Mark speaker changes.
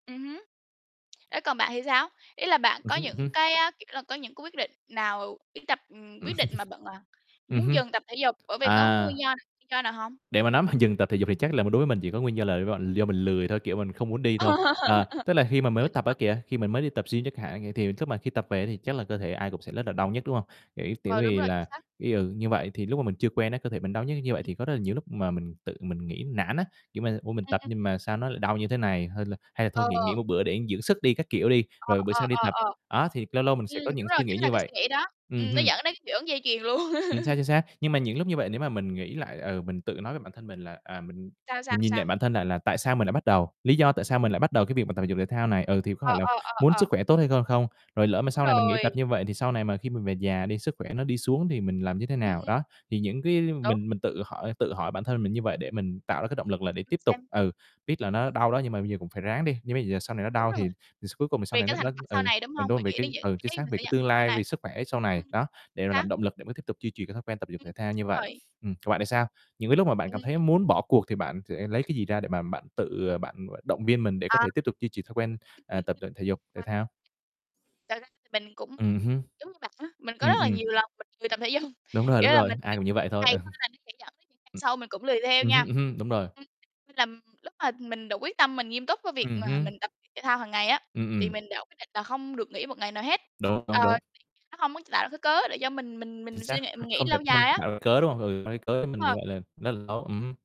Speaker 1: Ừm hứm. Thế còn bạn thì sao? Ý là bạn
Speaker 2: Ừm
Speaker 1: có
Speaker 2: hứm, ừm
Speaker 1: những
Speaker 2: hứm.
Speaker 1: cái a, kiểu là, có những cái quyết định nào đi tập ừm, quyết định mà bận ờ,
Speaker 2: Ừm
Speaker 1: muốn
Speaker 2: hưm.
Speaker 1: dừng tập thể dục, bởi vì có nguyên
Speaker 2: À.
Speaker 1: do [unintelligible] nguyên do nào hông?
Speaker 2: Để mà nói mà dừng tập thể dục thì chắc là mình đối với mình chỉ có nguyên do là, gọi, do mình lười thôi, kiểu mình không muốn đi thôi. Ờ, tức là khi mà mới [unintelligible] tập á
Speaker 1: [unintelligible]
Speaker 2: kìa, khi mình mới đi tập gym chẳng hạn, thì lúc mà khi tập về thì chắc là cơ thể ai cũng sẽ rất là đau nhức, đúng hông? Kiểu tiểu
Speaker 1: Ờ, đúng
Speaker 2: vì
Speaker 1: rồi
Speaker 2: là,
Speaker 1: xác.
Speaker 2: ý, ừ, như vậy, thì lúc mà mình chưa quen á, cơ thể mình đau nhức như vậy thì có rất là nhiều núc mà mình tự mình nghĩ nản á. Kiểu mà, "Ủa, mình
Speaker 1: Ừm,
Speaker 2: tập
Speaker 1: ừm.
Speaker 2: nhưng mà sao nó lại đau như thế này, hay là hay là thôi nghỉ nghỉ
Speaker 1: Ờ.
Speaker 2: một bữa để dưỡng sức đi", các kiểu đi,
Speaker 1: Ờ,
Speaker 2: rồi bữa
Speaker 1: ờ,
Speaker 2: sau đi
Speaker 1: ờ,
Speaker 2: tập.
Speaker 1: ờ.
Speaker 2: Á, thì lâu lâu mình sẽ
Speaker 1: Ừm,
Speaker 2: có những
Speaker 1: đúng rồi,
Speaker 2: suy nghĩ
Speaker 1: chính là
Speaker 2: như
Speaker 1: cái suy
Speaker 2: vậy.
Speaker 1: nghĩ đó.
Speaker 2: Ừm
Speaker 1: Ừm, nó
Speaker 2: hưm.
Speaker 1: dẫn đến cái hiệu ứng dây chuyền luôn.
Speaker 2: Chính xác, chính xác. Nhưng mà những lúc như vậy nếu mà mình nghĩ lại, ừ, mình tự nói với bản thân mình là "À, mình
Speaker 1: Sao, sao,
Speaker 2: mình nhìn lại
Speaker 1: sao?
Speaker 2: bản thân lại là tại sao mình lại bắt đầu, lý do tại sao mình lại bắt đầu cái việc tập thể dục thể thao này. Ừ, thì có
Speaker 1: Ờ,
Speaker 2: phải là
Speaker 1: ờ, ờ,
Speaker 2: muốn
Speaker 1: ờ.
Speaker 2: sức khỏe tốt hay hơn không? Rồi lỡ mà
Speaker 1: Đúng
Speaker 2: sau này mình nghỉ
Speaker 1: rồi.
Speaker 2: tập như vậy thì sau này mà khi mình về già đi, sức khỏe nó đi xuống thì mình làm như thế nào?"
Speaker 1: Ừm.
Speaker 2: Đó, thì những cái
Speaker 1: Đúng.
Speaker 2: mình mình tự hỏi tự hỏi bản thân mình như vậy để mình tạo
Speaker 1: Ừm,
Speaker 2: ra cái động lực là
Speaker 1: để
Speaker 2: để tiếp
Speaker 1: rồi
Speaker 2: tiếp tục.
Speaker 1: xem.
Speaker 2: Ừ, biết là nó
Speaker 1: Ừm.
Speaker 2: đau đó, nhưng mà bây giờ cũng phải ráng đi. Nhưng bây giờ sau này nó
Speaker 1: Đúng
Speaker 2: đau
Speaker 1: rồi.
Speaker 2: thì d cuối cùng thì sau
Speaker 1: Vì
Speaker 2: này
Speaker 1: cái
Speaker 2: nó
Speaker 1: thành
Speaker 2: nó
Speaker 1: quả sau
Speaker 2: ừ,
Speaker 1: này, đúng hông? Vì
Speaker 2: [unintelligible] về
Speaker 1: nghĩ
Speaker 2: cái
Speaker 1: đến những
Speaker 2: ừ, chính
Speaker 1: cái
Speaker 2: xác,
Speaker 1: mình
Speaker 2: vì
Speaker 1: sẽ
Speaker 2: cái
Speaker 1: nhận
Speaker 2: tương
Speaker 1: sau
Speaker 2: lai, vì
Speaker 1: này.
Speaker 2: sức khỏe sau
Speaker 1: Ừm
Speaker 2: này. Đó, để mà
Speaker 1: xác.
Speaker 2: làm động lực để tiếp tục duy trì cái thói quen tập thể dục
Speaker 1: Ừm,
Speaker 2: thể thao như
Speaker 1: đúng
Speaker 2: vậy.
Speaker 1: rồi.
Speaker 2: Ừm, còn bạn thì sao? Những cái lúc mà bạn
Speaker 1: Ừm.
Speaker 2: cảm thấy
Speaker 1: [unintelligible]
Speaker 2: muốn bỏ cuộc thì bạn sẽ lấy cái gì ra để mà bạn tự, ờ, bạn, gọi, động viên mình để có
Speaker 1: À.
Speaker 2: thể tiếp tục duy trì thói quen, ờ, tập luyện thể dục thể
Speaker 1: [unintelligible]
Speaker 2: thao?
Speaker 1: Thật ra thì mình cũng
Speaker 2: Ừm hứm.
Speaker 1: giống như bạn á, mình có
Speaker 2: Ừm,
Speaker 1: rất là
Speaker 2: ừm.
Speaker 1: nhiều lần mình lười tập thể dung.
Speaker 2: Đúng rồi, đúng
Speaker 1: Nghĩa là
Speaker 2: rồi,
Speaker 1: mình
Speaker 2: ai cũng như vậy thôi. Ờ.
Speaker 1: [unintelligible] nó sẽ dẫn đến những ngày
Speaker 2: Ừm.
Speaker 1: sau mình cũng lười theo
Speaker 2: Ừm hưm,
Speaker 1: nha.
Speaker 2: ừm hưm, đúng rồi.
Speaker 1: Ừm, nên là lúc mà mình đã quyết tâm, mình nghiêm túc cái việc
Speaker 2: Ừm
Speaker 1: mà
Speaker 2: hưm.
Speaker 1: mình tập thể thao hàng ngày á,
Speaker 2: Ừm,
Speaker 1: thì
Speaker 2: ừm.
Speaker 1: mình đã quyết định là không được nghỉ một ngày nào hết.
Speaker 2: Đúng,
Speaker 1: Ờ,
Speaker 2: đúng, đúng.
Speaker 1: [unintelligible] nó hông muốn tạo ra cái cớ để cho mình mình
Speaker 2: Chính
Speaker 1: mình
Speaker 2: xác,
Speaker 1: suy nghĩ mình nghỉ
Speaker 2: không thể
Speaker 1: lâu
Speaker 2: không
Speaker 1: dài á.
Speaker 2: tạo cái cớ, đúng không? Ừ, lấy cớ thì mình
Speaker 1: [unintelligible]
Speaker 2: gọi là [unintelligible] ừm hứm.